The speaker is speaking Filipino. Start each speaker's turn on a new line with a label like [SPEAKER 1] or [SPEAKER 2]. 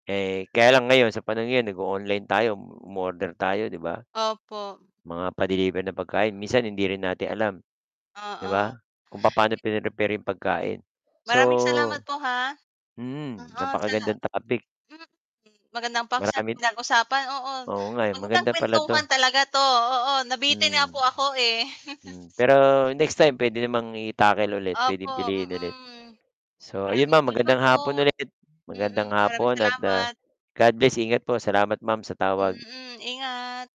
[SPEAKER 1] Eh, kaya lang ngayon sa panahon ngayon nag-o-online tayo, umo um-order tayo, 'di ba?
[SPEAKER 2] Opo.
[SPEAKER 1] Mga pa-deliver na pagkain, minsan hindi rin natin alam, 'di
[SPEAKER 2] Oo.
[SPEAKER 1] ba? Kung papa'no pinrepare yung pagkain. So
[SPEAKER 2] Maraming salamat po, ha.
[SPEAKER 1] Mm,
[SPEAKER 2] Oo sala
[SPEAKER 1] napaka-gandang topic.
[SPEAKER 2] Mm, magandang paksang
[SPEAKER 1] Marami d
[SPEAKER 2] pinag-usapan, oo,
[SPEAKER 1] Oo nga, eh,
[SPEAKER 2] magandang
[SPEAKER 1] maganda pala
[SPEAKER 2] kuwentuhan
[SPEAKER 1] 'to.
[SPEAKER 2] talaga 'to, oo nabitin nga po
[SPEAKER 1] Hmm.
[SPEAKER 2] ako, eh.
[SPEAKER 1] Hmm, pero next time puwede namang i-tackle ulit,
[SPEAKER 2] Opo,
[SPEAKER 1] puwedeng piliin ulit.
[SPEAKER 2] mm.
[SPEAKER 1] So, ayun
[SPEAKER 2] Maraming
[SPEAKER 1] Ma'am magandang
[SPEAKER 2] salamat po!
[SPEAKER 1] hapon ulit, magandang
[SPEAKER 2] Mm, maraming
[SPEAKER 1] hapon at, ah,
[SPEAKER 2] salamat.
[SPEAKER 1] God bless. Ingat po, salamat Ma'am sa tawag.
[SPEAKER 2] Mm, ingat.